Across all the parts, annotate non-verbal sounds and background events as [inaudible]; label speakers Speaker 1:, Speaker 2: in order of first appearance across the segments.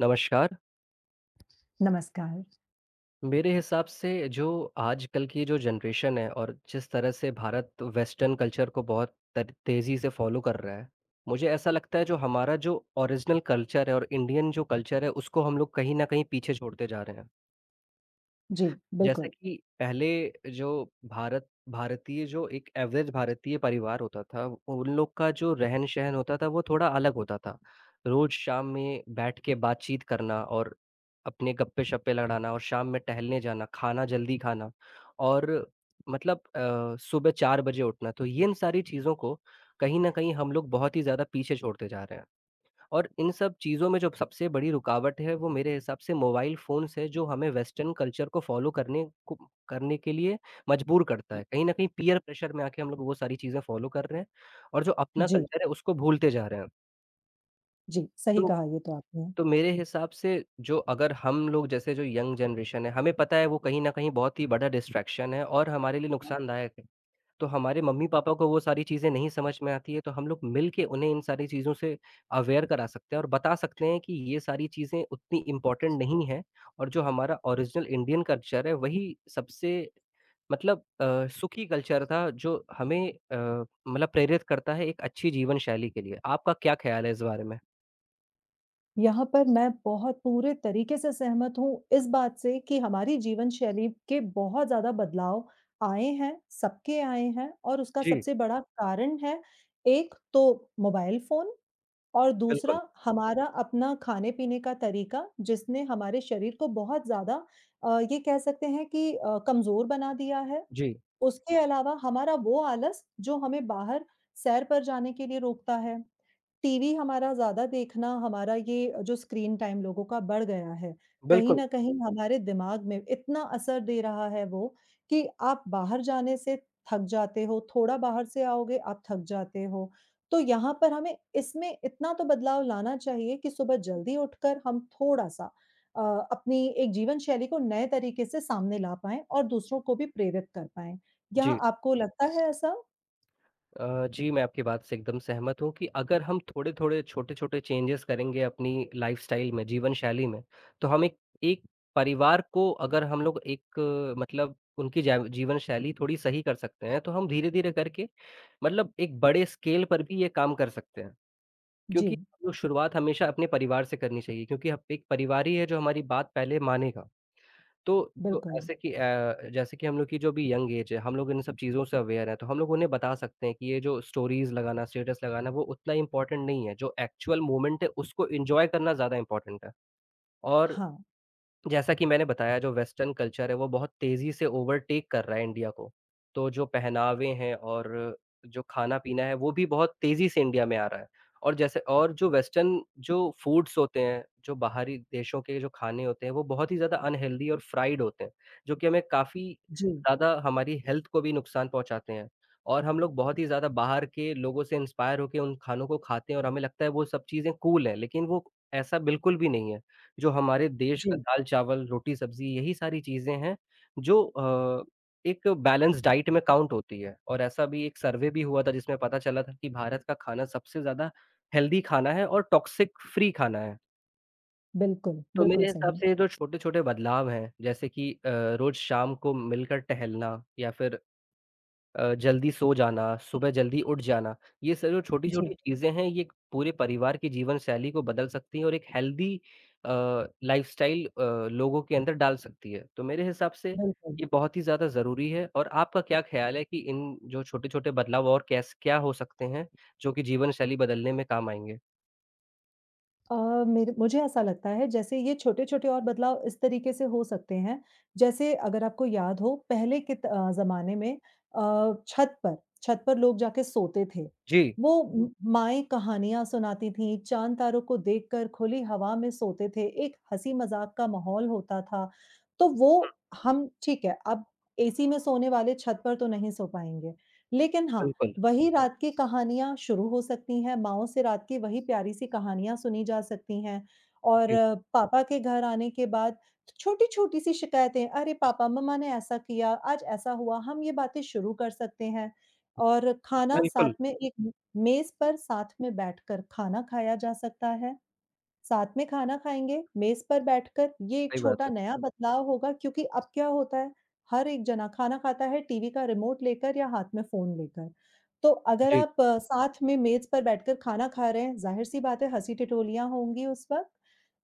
Speaker 1: नमस्कार।
Speaker 2: नमस्कार।
Speaker 1: मेरे हिसाब से जो आजकल की जो जनरेशन है और जिस तरह से भारत वेस्टर्न कल्चर को बहुत तर तेज़ी से फॉलो कर रहा है, मुझे ऐसा लगता है जो हमारा जो ओरिजिनल कल्चर है और इंडियन जो कल्चर है, उसको हम लोग कहीं न कहीं पीछे छोड़ते जा रहे हैं।
Speaker 2: जी,
Speaker 1: जैसे
Speaker 2: बिल्कुल।
Speaker 1: कि पहले जो भारत भारतीय जो एक एवरेज़ भारतीय परिवार होता था, उन लोग का जो रहन-सहन होता था, वो थोड़ा अलग होता था, रोज़ शाम में बैठ के बातचीत करना और अपने गप्पे-शप्पे लड़ाना और शाम में टहलने जाना, खाना जल्दी खाना और मतलब अ, सुबह 4 बजे उठना, तो यिन सारी चीज़ों को कहीं न कहीं हम लोग बहुत ही ज़्यादा पीछे छोड़ते जा रहे हैं और इन सब चीज़ों में जो सबसे बड़ी रुकावट है वो मेरे हिसाब से मोबाइल फ़ोन से जो हमें वेस्टर्न कल्चर को फॉलो करने को करने के लिए मजबूर करता है, कहीं न कहीं पीयर प्रेशर में आके हम लोग वो सारी चीज़ें फॉलो कर रहे हैं और जो अपना
Speaker 2: जी।
Speaker 1: कल्चर है उसको भूलते जा रहे हैं।
Speaker 2: जी, सही
Speaker 1: तो
Speaker 2: कहा ये तो आपने।
Speaker 1: तो मेरे हिसाब से जो अगर हम लोग जैसे जो यंग जनरेशन हैं, हमें पता है वो कहीं न कहीं बहुत ही बड़ा डिस्ट्रैक्शन है और हमारे लिए नुकसानदायक है, तो हमारे मम्मी-पापा को वो सारी चीज़ें नहीं समझ में आती है, तो हम लोग मिलके उन्हें इन सारी चीज़ों से अवेयर करा सकते हैं और बता सकते हैं कि ये सारी चीज़ें उतनी इम्पोर्टेंट नहीं हैं और जो हमारा ओरिजिनल इंडियन कल्चर है, वही सबसे मतलब अ, सुखी कल्चर था, जो हमें अ, मतलब प्रेरित करता है एक अच्छी जीवन शैली के लिए, आपका क्या ख्याल है इस बारे में?
Speaker 2: यहाँ पर मैं बहुत पूरे तरीके से सहमत हूँ इस बात से कि हमारी जीवन शैली के बहुत ज़्यादा बदलाव आए हैं, सबके आए हैं और उसका
Speaker 1: जी।
Speaker 2: सबसे बड़ा कारण है एक तो मोबाइल फ़ोन और
Speaker 1: बिल्कुल।
Speaker 2: दूसरा हमारा अपना खाने-पीने का तरीका जिसने हमारे शरीर को बहुत ज़्यादा अ, ये कह सकते हैं कि अ, कमज़ोर बना दिया है,
Speaker 1: जी।
Speaker 2: उसके अलावा हमारा वो आलस जो हमें बाहर सैर पर जाने के लिए रोकता है, टीवी हमारा ज़्यादा देखना, हमारा ये जो स्क्रीन टाइम लोगों का बढ़ गया है, कहीं
Speaker 1: बिल्कुल।
Speaker 2: न कहीं हमारे दिमाग में इतना असर दे रहा है वो कि आप बाहर जाने से थक जाते हो, थोड़ा बाहर से आओगे, आप थक जाते हो, तो यहाँ पर हमें इसमें इतना तो बदलाव लाना चाहिए कि सुबह जल्दी उठकर हम थोड़ा-सा अ, अपनी एक जीवन शैली को नए तरीके से सामने ला पाएँ और दूसरों को भी प्रेरित कर पाएँ, यहाँ
Speaker 1: जी।
Speaker 2: आपको लगता है ऐसा?
Speaker 1: अ, जी मैं आपकी बात से एकदम सहमत हूँ कि अगर हम थोड़े-थोड़े, छोटे-छोटे चेंजेस करेंगे अपनी लाइफ़स्टाइल में, जीवनशैली में, तो हम एक एक परिवार को अगर हम लोग एक मतलब उनकी जाय जीवनशैली थोड़ी सही कर सकते हैं, तो हम धीरे-धीरे करके मतलब एक बड़े स्केल पर भी ये काम कर सकते हैं, क्योंकि
Speaker 2: जी।
Speaker 1: तो शुरुआत हमेशा अपने परिवार से करनी चाहिए क्योंकि हम पे एक परिवारी है जो हमारी बात पहले मानेगा, तो जो
Speaker 2: बिल्कुल।
Speaker 1: ऐसे कि अ, जैसे कि हम लोग की जो अभी यंग ऐज़ है, हम लोग इन सब चीज़ों से अवेयर हैं। तो हम लोग उन्हें बता सकते हैं कि ये जो स्टोरीज़ लगाना, स्टेटस लगाना, वो उतना इम्पोर्टेंट नहीं है, जो एक्चुअल मोमेंट है, उसको एन्जॉय करना ज़्यादा इम्पोर्टेंट है और
Speaker 2: हाँ।
Speaker 1: जैसा कि मैंने बताया, जो वेस्टर्न कल्चर है, वो बहुत तेज़ी से ओवरटेक कर रहा है इंडिया को। तो जो पहनावे हैं और जो खाना-पीना है वो भी बहुत तेज़ी से इंडिया में आ रहा है और जैसे और जो वेस्टर्न जो फूड्स होते हैं, जो बाहरी देशों के जो खाने होते हैं, वो बहुत ही ज़्यादा अनहेल्दी और फ्राइड होते हैं, जो कि हमें काफ़ी
Speaker 2: जी।
Speaker 1: ज़्यादा हमारी हेल्थ को भी नुकसान पहुँचाते हैं और हम लोग बहुत ही ज़्यादा बाहर के लोगों से इंस्पायर होके उन खानों को खाते हैं और हमें लगता है वो सब चीज़ें कूल हैं लेकिन वो ऐसा बिल्कुल भी नहीं है, जो हमारे देश का
Speaker 2: जी।
Speaker 1: दाल-चावल, रोटी-सब्ज़ी यही सारी चीज़ें हैं, जो अ, एक बैलेंस डाइट में काउंट होती है और ऐसा अभी एक सर्वे भी हुआ था जिसमें पता चला था कि भारत का खाना सबसे ज़्यादा हेल्दी खाना है और टॉक्सिक फ्री खाना है।
Speaker 2: बिल्कुल,
Speaker 1: तो
Speaker 2: बिल्कुल
Speaker 1: मेरे हिसाब
Speaker 2: सही।
Speaker 1: से ये जो छोटे-छोटे बदलाव हैं, जैसे कि अ, रोज़ शाम को मिलकर टहलना या फिर अ, जल्दी सो जाना, सुबह जल्दी उठ जाना, ये सब जो
Speaker 2: जी।
Speaker 1: छोटी-छोटी चीज़ें हैं, ये क पूरे परिवार की जीवनशैली को बदल सकती हैं और एक हेल्दी अ, लाइफ़स्टाइल अ, लोगों के अंदर डाल सकती है। तो मेरे हिसाब से
Speaker 2: बिल्कुल।
Speaker 1: ये बहुत ही ज़्यादा ज़रूरी है, और आपका क्या ख़्याल है कि इन जो छोटे-छोटे बदलाव और कैस क्या हो सकते हैं, जो कि जीवन शैली बदलने में काम आएँगे?
Speaker 2: अ, मेरे मुझे ऐसा लगता है जैसे ये छोटे-छोटे और बदलाव इस तरीके से हो सकते हैं, जैसे अगर आपको याद हो, पहले कित अ, ज़माने में अ, छत पर छत पर लोग जाके सोते थे,
Speaker 1: जी।
Speaker 2: वो उम, माएँ कहानियाँ सुनाती थीं, चाँद तारों को देखकर खुली हवा में सोते थे, एक हँसी-मज़ाक का माहौल होता था। तो
Speaker 1: हुँ।
Speaker 2: वो हम ठीक है, अब एसी में सोने वाले छत पर तो नहीं सो पाएँगे, लेकिन हाँ,
Speaker 1: बिल्कुल।
Speaker 2: वही रात की कहानियाँ शुरू हो सकती हैं, माँओं से रात के वही प्यारी-सी कहानियाँ सुनी जा सकती हैं और
Speaker 1: जी।
Speaker 2: पापा के घर आने के बाद छ छोटी-छोटी-सी शिकायतें, "अरे! पापा, मम्मा ने ऐसा किया, आज ऐसा हुआ," हम ये बातें शुरू कर सकते हैं। और खाना साथ
Speaker 1: बिल्कुल।
Speaker 2: में एक म मेज़ पर साथ में बैठकर खाना खाया जा सकता है, साथ में खाना खाएँगे, मेज पर बैठकर ये एक
Speaker 1: सही बात
Speaker 2: छोटा
Speaker 1: है।
Speaker 2: नया बदलाव होगा क्योंकि अब क्या होता है, हर एक जना खाना खाता है टीवी का रिमोट लेकर या हाथ में फ़ोन लेकर। तो अगर
Speaker 1: जी।
Speaker 2: आप साथ में मेज़ पर बैठकर खाना खा रहे हैं, ज़ाहिर-सी बात है हँसी-ठिठोलियाँ लिया होंगी उस वक़्त,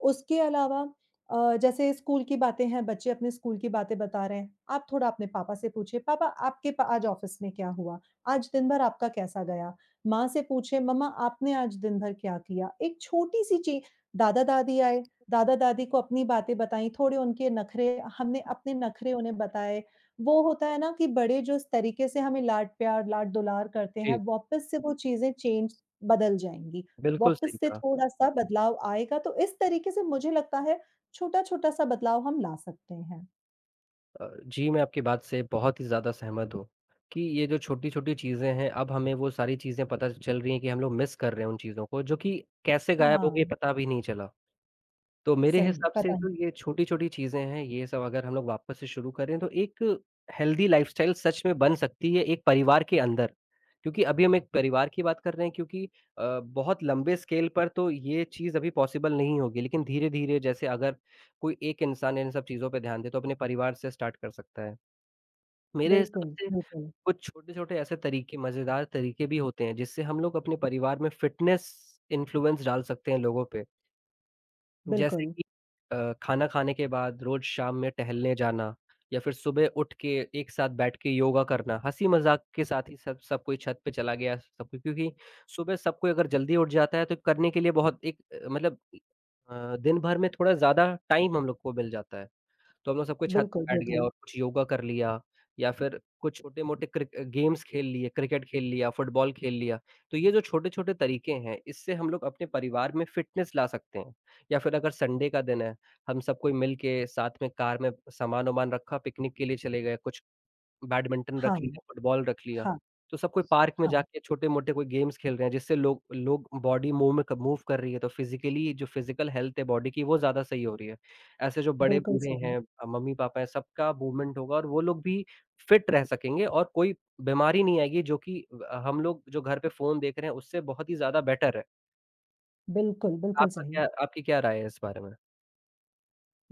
Speaker 2: उसके अलावा अ, जैसे स्कूल की बातें हैं, बच्चे अपने स्कूल की बातें बता रहे हैं, आप थोड़ा अपने पापा से पूछिए, "पापा आपके पा आज ऑफ़िस में क्या हुआ? आज दिन भर आपका कैसा गया?" माँ से पूछें, "मम्मा आपने आज दिन भर क्या किया?" एक छोटी-सी ची दादा-दादी आए, दादा-दादी को अपनी बातें बताई, थोड़े उनके नखरे हमने अपने नखरे उन्हें बताएँ, वो होता है ना कि बड़े जो इस तरीके से हमें लाड़-प्यार, लाड़-दुलार करते हैं,
Speaker 1: जी।
Speaker 2: वापस से वो चीज़ें चेंज बदल जाएँगी,
Speaker 1: बिल्कुल सही
Speaker 2: वापस से
Speaker 1: कहा।
Speaker 2: थोड़ा-सा बदलाव आएगा, तो इस तरीके से मुझे लगता है, छोटा-छोटा-सा बदलाव हम ला सकते हैं।
Speaker 1: अ, जी, मैं आपकी बात से बहुत ही ज़्यादा सहमत हूँ कि ये जो छोटी-छोटी चीज़ें हैं, अब हमें वो सारी चीज़ें पता चल रही हैं कि हम लोग मिस कर रहे हैं उन चीज़ों को जो कि कैसे गायब हो गई
Speaker 2: हाँ।
Speaker 1: पता भी नहीं चला, तो मेरे
Speaker 2: सही है,
Speaker 1: हिसाब से
Speaker 2: पता नहीं
Speaker 1: तो ये
Speaker 2: चल
Speaker 1: छोटी-छोटी चीज़ें हैं, ये सब अगर हम लोग वापस से शुरू करें तो एक हेल्दी लाइफ़स्टाइल सच में बन सकती है एक परिवार के अंदर क्योंकि अभी हम एक परिवार की बात कर रहे हैं क्योंकि अ, बहुत लंबे स्केल पर तो ये चीज़ अभी पॉसिबल नहीं होगी, लेकिन धीरे-धीरे जैसे अगर कोई एक इंसान इन सब चीज़ों पे ध्यान दे, तो अपने परिवार से स्टार्ट कर सकता है, मेरे हिसाब
Speaker 2: बिल्कुल,
Speaker 1: से
Speaker 2: बिल्कुल।
Speaker 1: कुछ छोटे-छोटे ऐसे तरीके मज़ेदार तरीके भी होते हैं जिससे हम लोग अपने परिवार में फिटनेस इन्फ्लुएंस डाल सकते हैं लोगों पे। जैसे
Speaker 2: बिल्कुल।
Speaker 1: कि अ, खाना खाने के बाद रोज़ शाम में टहलने जाना या फिर सुबह उठ के, एक साथ बैठ के योगा करना, हँसी-मज़ाक के साथ ही सब सब कोई छत पे चला गया सब कोई क्योंकि सुबह सब कोई अगर जल्दी उठ जाता है तो करने के लिए बहुत एक मतलब अ, दिन भर में थोड़ा ज़्यादा टाइम हम लोग को मिल जाता है, तो हम लोग सब कोई छत
Speaker 2: बिल्कुल,
Speaker 1: पे बैठ गया
Speaker 2: बिल्कुल।
Speaker 1: और कुछ योगा कर लिया या फिर कुछ छोटे-मोटे क्रिक गेम्स खेल लिए, क्रिकेट खेल लिया, फुटबॉल खेल लिया, तो ये जो छोटे-छोटे तरीके हैं, इससे हम लोग अपने परिवार में फिटनेस ला सकते हैं या फिर अगर संडे का दिन है, हम सब कोई मिल के साथ में कार में सामान-वामान रखा, पिकनिक के लिए चले गए, कुछ बैडमिंटन
Speaker 2: हाँ।
Speaker 1: रख लिया, फुटबॉल रख लिया,
Speaker 2: हाँ।
Speaker 1: तो सब कोई पार्क में
Speaker 2: हाँ।
Speaker 1: जाके छोटे-मोटे कोई गेम्स खेल रहे हैं जिससे लोग लोग बॉडी मूव में क मूव कर रही है, तो फ़िज़िकली जो फ़िज़िकल हेल्थ है बॉडी की वो ज़्यादा सही हो रही है, ऐसे जो
Speaker 2: बिल्कुल
Speaker 1: बड़े-बूढ़े
Speaker 2: सही।
Speaker 1: हैं अ, मम्मी-पापा हैं, सबका मूवमेंट होगा और वो लोग भी फ़िट रह सकेंगे और कोई बीमारी नहीं आएगी जो कि अ, हम लोग जो घर पे फ़ोन देख रहे हैं उससे बहुत ही ज़्यादा बेटर है।
Speaker 2: बिल्कुल, बिल्कुल
Speaker 1: आपका
Speaker 2: सही।
Speaker 1: क्या आपकी क्या राय है इस बारे में?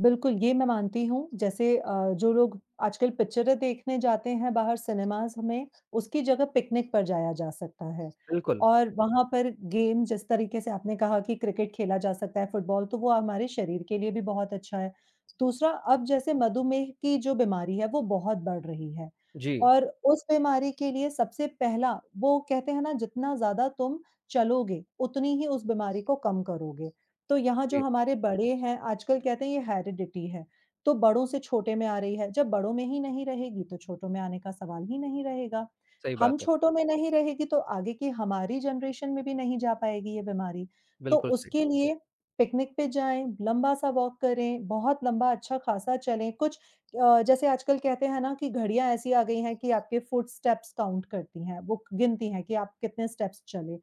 Speaker 2: बिल्कुल, ये मैं मानती हूँ, जैसे अ, जो लोग आजकल पिक्चरें देखने जाते हैं बाहर सिनेमाज़ में, उसकी जगह पिकनिक पर जाया जा सकता है
Speaker 1: बिल्कुल।
Speaker 2: और वहाँ पर गेम जिस तरीके से आपने कहा कि क्रिकेट खेला जा सकता है, फुटबॉल, तो वो हमारे शरीर के लिए भी बहुत अच्छा है। दूसरा, अब जैसे मधुमेह की जो बीमारी है, वो बहुत बढ़ रही है
Speaker 1: जी।
Speaker 2: और उस बीमारी के लिए सबसे पहला वो कहते हैं ना, जितना ज़्यादा तुम चलोगे, उतनी ही उस बीमारी को कम करोगे। तो यहाँ जो
Speaker 1: जी।
Speaker 2: हमारे बड़े हैं, आजकल कहते हैं, ये हैरिडिटी है, तो बड़ों से छोटे में आ रही है। जब बड़ों में ही नहीं रहेगी, तो छोटों में आने का सवाल ही नहीं रहेगा।
Speaker 1: सही
Speaker 2: हम
Speaker 1: बात है।
Speaker 2: छोटों में नहीं रहेगी, तो आगे की हमारी जनरेशन में भी नहीं जा पाएगी ये बीमारी। तो
Speaker 1: बिल्कुल सही।
Speaker 2: उसके लिए पिकनिक पे जाएँ, लंबा-सा वॉक करें, बहुत लंबा अच्छा खासा चलें, कुछ अ, जैसे आजकल कहते हैं ना कि घड़ियाँ ऐसी आ गई हैं कि आपके फ़ुट स्टेप्स काउंट करती हैं, वो गिनती हैं कि आप कितने स्टेप्स चले।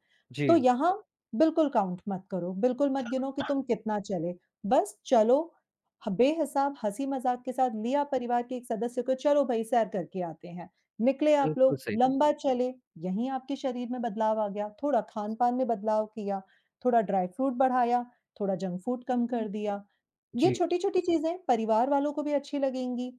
Speaker 2: तो
Speaker 1: जी।
Speaker 2: यहाँ बिल्कुल काउंट मत करो, बिल्कुल मत गिनो कि तुम
Speaker 1: [coughs]
Speaker 2: कितना चले, बस चलो ह बे-हिसाब, हँसी-मज़ाक के साथ लिया परिवार के एक सदस्य को, "चलो भई, सैर करके आते हैं।" निकले आप
Speaker 1: बिल्कुल
Speaker 2: लोग,
Speaker 1: सही।
Speaker 2: लंबा चले, यहीं आपके शरीर में बदलाव आ गया, थोड़ा खान-पान में बदलाव किया, थोड़ा ड्राई फ्रूट बढ़ाया, थोड़ा जंक फूड कम कर
Speaker 1: [unintelligible]
Speaker 2: दिया। ये
Speaker 1: जी।
Speaker 2: छोटी-छोटी चीज़ें परिवार वालों को भी अच्छी लगेंगी।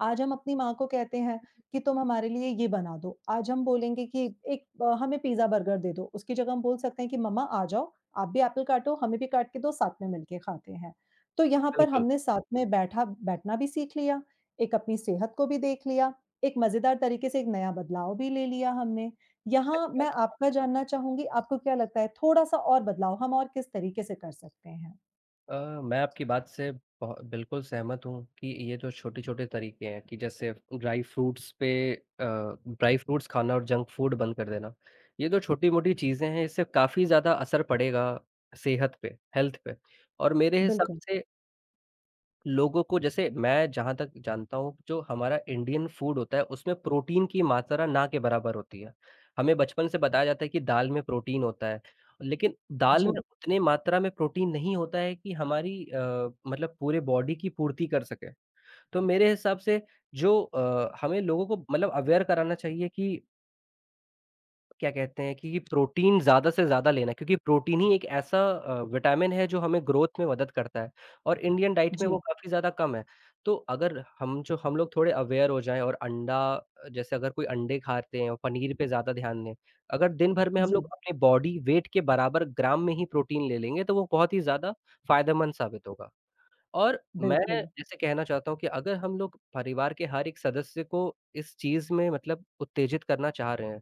Speaker 2: आज हम अपनी माँ को कहते हैं कि "तुम हमारे लिए ये बना दो," आज हम बोलेंगे कि "एक अ, हमें पिज़्ज़ा, बर्गर दे दो।" उसकी जगह हम बोल सकते हैं कि "मम्मा आ जाओ, आप भी एप्पल काटो, हमें भी काट के दो, साथ में मिलके खाते हैं।" तो यहाँ पर
Speaker 1: बिल्कुल।
Speaker 2: हमने साथ में बैठा बैठना भी सीख लिया, एक अपनी सेहत को भी देख लिया, एक मज़ेदार तरीके से एक नया बदलाव भी ले लिया हमने। यहाँ
Speaker 1: सही कहा
Speaker 2: मैं
Speaker 1: आपने।
Speaker 2: आपका जानना चाहूँगी, आपको क्या लगता है, थोड़ा-सा और बदलाव हम और किस तरीके से कर सकते हैं?
Speaker 1: अ, मैं आपकी बात से ब बिल्कुल सहमत हूँ कि ये जो छोटे-छोटे तरीके हैं कि जैसे अब ड्राइ फ्रूट्स पे अ, ड्राइ फ्रूट्स खाना और जंक फूड बंद कर देना, ये जो छोटी-मोटी चीज़ें हैं, इससे काफ़ी ज़्यादा असर पड़ेगा सेहत पे, हेल्थ पे और मेरे हिसाब
Speaker 2: बिल्कुल।
Speaker 1: से लोगों को जैसे मैं जहाँ तक जानता हूँ जो हमारा इंडियन फूड होता है उसमें प्रोटीन की मात्रा ना के बराबर होती है, हमें बचपन से बताया जाता है कि दाल में प्रोटीन होता है, लेकिन दाल में
Speaker 2: जी।
Speaker 1: उतनी मात्रा में प्रोटीन नहीं होता है कि हमारी अ, मतलब पूरे बॉडी की पूर्ति कर सके, तो मेरे हिसाब से जो अ, हमें लोगों को मतलब अवेयर कराना चाहिए कि क्या कहते हैं कि ये प्रोटीन ज़्यादा से ज़्यादा लेना क्योंकि प्रोटीन ही एक ऐसा अ, विटामिन है जो हमें ग्रोथ में मदद करता है और इंडियन डाइट में वो
Speaker 2: जी।
Speaker 1: काफ़ी ज़्यादा कम है, तो अगर हम जो हम लोग थोड़े अवेयर हो जाएँ और अंडा जैसे अगर कोई अंडे खाते हों, पनीर पे ज़्यादा ध्यान दें, अगर दिन भर में हम लोग
Speaker 2: जी।
Speaker 1: अपनी बॉडी वेट के बराबर ग्राम में ही प्रोटीन ले लेंगे, तो वो बहुत ही ज़्यादा फायदेमंद साबित होगा और मैं
Speaker 2: बिल्कुल।
Speaker 1: जैसे कहना चाहता हूँ कि अगर हम लोग परिवार के हर एक सदस्य को इस चीज़ में मतलब उत्तेजित करना चाह रहे हैं,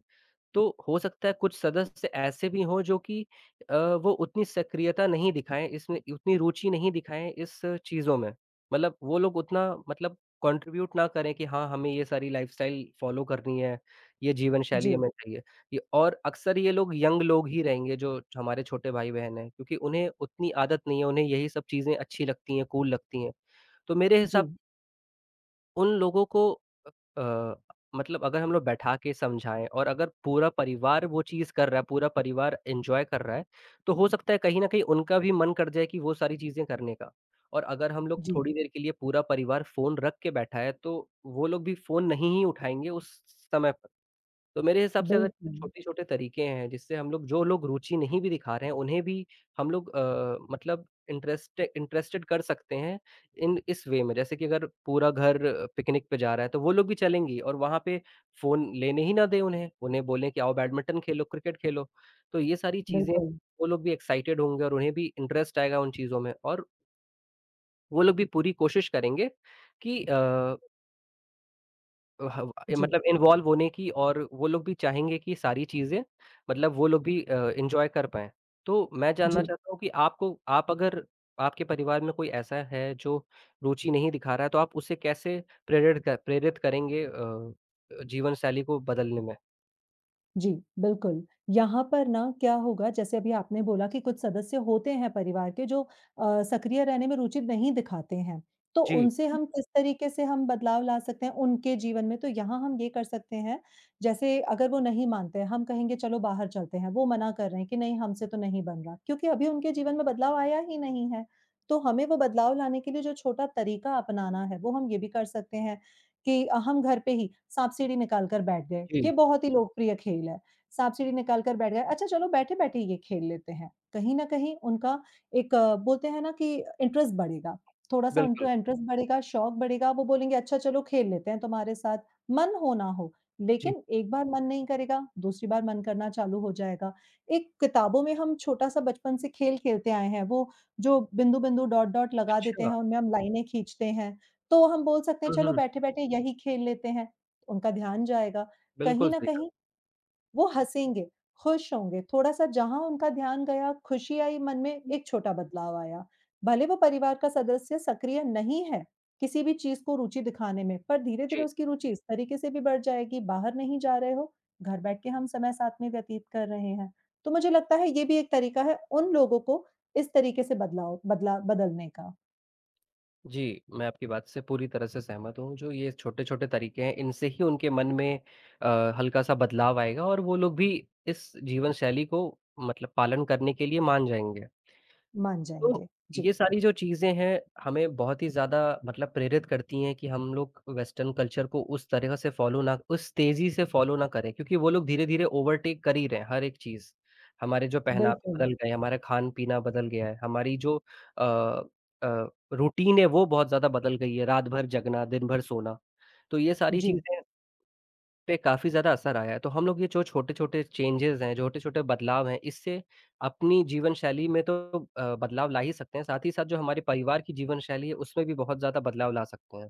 Speaker 1: तो हो सकता है कुछ सदस्य ऐसे भी हों जो कि अ, वो उतनी सक्रियता नहीं दिखाएँ इसमें, उतनी रुचि नहीं दिखाएँ इस चीज़ों में, मतलब वो लोग उतना मतलब कॉन्ट्रिब्यूट ना करें कि हाँ, हमें ये सारी लाइफ़स्टाइल फॉलो करनी है, ये जीवन शैली है
Speaker 2: जी।
Speaker 1: मेरी [unintelligible] और अक्सर ये लोग यंग लोग ही रहेंगे, जो हमारे छोटे भाई बहन हैं क्योंकि उन्हें उतनी आदत नहीं है, उन्हें यही सब चीज़ें अच्छी लगती हैं, कूल लगती हैं, तो मेरे हिसाब
Speaker 2: जी।
Speaker 1: उन लोगों को अ अ, मतलब अगर हम लोग बैठा के समझाएँ और अगर पूरा परिवार वो चीज़ कर रहा है, पूरा परिवार एन्जॉय कर रहा है, तो हो सकता है कहीं न कहीं उनका भी मन कर जाए कि वो सारी चीज़ें करने का। और अगर हम लोग
Speaker 2: जी।
Speaker 1: थोड़ी देर के लिए पूरा परिवार फ़ोन रख के बैठा है तो वो लोग भी फ़ोन नहीं ही उठाएँगे उस समय प तो मेरे हिसाब से अगर
Speaker 2: बिल्कुल।
Speaker 1: छोटे-छोटे तरीके हैं जिससे हम लोग, जो लोग रुचि नहीं भी दिखा रहे हैं उन्हें भी हम लोग अ, मतलब इंटरेस्ट इंटरेस्टेड कर सकते हैं, इन इस वे में जैसे कि अगर पूरा घर पिकनिक पे जा रहा है तो वो लोग भी चलेंगी और वहाँ पे फ़ोन लेने ही ना दें उन्हें उन्हें बोलें कि आओ बैडमिंटन खेलो क्रिकेट खेलो। तो ये सारी चीज़ें
Speaker 2: बिल्कुल।
Speaker 1: वो लोग भी एक्साइटेड होंगे और उन्हें भी इंटरेस्ट आएगा उन चीज़ों में और वो लोग भी पूरी कोशिश करेंगे कि अ अ, ह ब ये
Speaker 2: जी।
Speaker 1: मतलब इन्वॉल्व होने की और वो लोग भी चाहेंगे कि सारी चीज़ें, मतलब वो लोग भी अ, एन्जॉय कर पाएँ। तो मैं जानना
Speaker 2: जी।
Speaker 1: चाहता हूँ कि आपको आप अगर आपके परिवार में कोई ऐसा है जो रुची नहीं दिखा रहा है तो आप उसे कैसे प्रेरित क प्रेरित करेंगे अ, जीवनशैली को बदलने में?
Speaker 2: जी, बिल्कुल, यहाँ पर ना क्या होगा जैसे अभी आपने बोला कि कुछ सदस्य होते हैं परिवार के जो अ, सक्रिय रहने में रुचि नहीं दिखाते हैं, तो
Speaker 1: जी।
Speaker 2: उनसे हम किस तरीक़े से हम बदलाव ला सकते हैं उनके जीवन में तो यहाँ हम ये कर सकते हैं, जैसे अगर वो नहीं मानते हम कहेंगे चलो बाहर चलते हैं वो मना कर रहे हैं कि नहीं हमसे तो नहीं बन रहा, क्योंकि अभी उनके जीवन में बदलाव आया ही नहीं है। तो हमें वो बदलाव लाने के लिए जो छोटा तरीक़ा अपनाना है वो हम ये भी कर सकते हैं, कि अ, हम घर पे ही साँप-सीढ़ी निकाल कर बैठ गए, ये
Speaker 1: जी।
Speaker 2: बहुत ही लोकप्रिय खेल है साँप-सीढ़ी निकाल कर बैठ गए अच्छा चलो बैठे-बैठे ये खेल लेते हैं। कहीं न कहीं उनका एक बोलते हैं ना कि इंटरेस्ट बढ़ेगा, थोड़ा-सा इंट
Speaker 1: बिल्कुल।
Speaker 2: इंटरेस्ट बढ़ेगा, शौक बढ़ेगा, वो बोलेंगे अच्छा चलो खेल लेते हैं तुम्हारे साथ, मन हो ना हो,
Speaker 1: जी।
Speaker 2: लेकिन एक बार मन नहीं करेगा, दूसरी बार मन करना चालू हो जाएगा। एक किताबों में हम छोटा-सा बचपन से खेल खेलते आए हैं, वो जो बिंदु-बिंदु, डॉट-डॉट लगा देते हैं,
Speaker 1: अच्छा।
Speaker 2: उनमें हम लाइनें खींचते हैं, तो हम बोल सकते हैं
Speaker 1: हुँ,
Speaker 2: चलो
Speaker 1: हुँ।
Speaker 2: बैठे-बैठे यही खेल लेते हैं। उनका ध्यान जाएगा,
Speaker 1: बिल्कुल
Speaker 2: कहीं न
Speaker 1: सही कहा।
Speaker 2: कहीं वो हँसेंगे, खुश होंगे थोड़ा-सा जहाँ उनका ध्यान गया, खुशी आई मन में एक छोटा बदलाव आया भले वो परिवार का सदस्य सक्रिय नहीं है किसी भी चीज़ को रुचि दिखाने में, पर धीरे-धीरे
Speaker 1: जी।
Speaker 2: उसकी रुचि इस तरीक़े से भी बढ़ जाएगी बाहर नहीं जा रहे हो, घर बैठ के हम समय साथ में व्यतीत कर रहे हैं। तो मुझे लगता है ये भी एक तरीक़ा है उन लोगों को इस तरीक़े से बदलाव बदला बदलने का।
Speaker 1: जी, मैं आपकी बात से पूरी तरह से सहमत हूँ, जो ये छोटे-छोटे तरीके हैं इनसे ही उनके मन में अ, हल्का-सा बदलाव आएगा और वो लोग भी इस जीवन शैली को मतलब पालन करने के लिए मान जाएँगे।
Speaker 2: मान
Speaker 1: तो,
Speaker 2: जाएँगे। जी।
Speaker 1: ये सारी जो चीज़ें हैं, हमें बहुत ही ज़्यादा मतलब प्रेरित करती हैं कि हम लोग वेस्टर्न कल्चर को उस तरीका से फॉलो ना उस तेज़ी से फॉलो ना करें, क्योंकि वो लोग धीरे-धीरे ओवरटेक कर ही रहे हैं हर एक चीज़। हमारे जो पहनावा
Speaker 2: बिल्कुल।
Speaker 1: बदल गए हैं, हमारा खान-पीना बदल गया है, हमारी जो अ अ, रूटीन है, वो बहुत ज़्यादा बदल गई है, रात-भर जगना, दिन-भर सोना। तो ये सारी
Speaker 2: जी।
Speaker 1: चीज़ें पे काफ़ी ज़्यादा असर आया है। तो हम लोग ये जो छोटे-छोटे चेंजेज़ हैं, ज छोटे-छोटे बदलाव हैं, इससे अपनी जीवनशैली में तो अ, बदलाव ला ही सकते हैं, साथ ही साथ जो हमारी परिवार की जीवनशैली है, उसमें भी बहुत ज़्यादा बदलाव ला सकते हैं।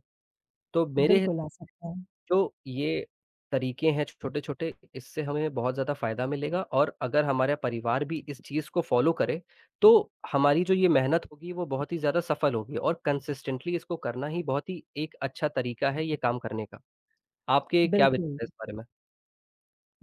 Speaker 1: तो मेरे
Speaker 2: बिल्कुल आ सकता है।
Speaker 1: तो ये तरीके हैं छ छोटे-छोटे इससे हमें बहुत ज़्यादा फ़ायदा मिलेगा और अगर हमारा परिवार भी इस चीज़ को फॉलो करे, तो हमारी जो ये मेहनत होगी, वो बहुत ही ज़्यादा सफल होगी और कंसिस्टेंटली इसको करना ही बहुत ही एक अच्छा तरीका है ये काम करने का। आपके क्या
Speaker 2: बिल्कुल।
Speaker 1: विचार है इस बारे में?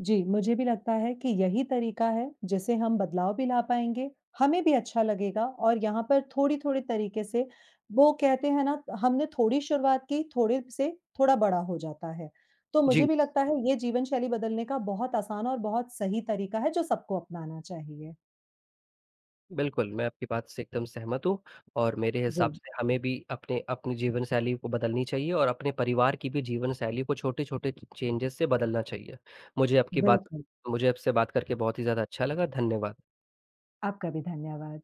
Speaker 2: जी, मुझे भी लगता है कि यही तरीका है, जिससे हम बदलाव भी ला पाएँगे, हमें भी अच्छा लगेगा और यहाँ पर थोड़ी-थोड़ी तरीके से वो कहते हैं ना, हमने थोड़ी शुरुआत की थोड़े से, थोड़ा बड़ा हो जाता है। तो मुझे
Speaker 1: जी।
Speaker 2: भी लगता है ये जीवनशैली बदलने का बहुत आसान और बहुत सही तरीका है जो सबको अपनाना चाहिए।
Speaker 1: बिल्कुल, मैं आपकी बात से एकदम सहमत हूँ और मेरे हिसाब
Speaker 2: जी।
Speaker 1: से हमें भी अपने अपनी जीवनशैली को बदलनी चाहिए और अपने परिवार की भी जीवनशैली को छोटे-छोटे च चेंजेज़ से बदलना चाहिए। मुझे आपकी बात
Speaker 2: बिल्कुल।
Speaker 1: मुझे आपसे बात करके बहुत ही ज़्यादा अच्छा लगा। धन्यवाद।
Speaker 2: आपका भी धन्यवाद।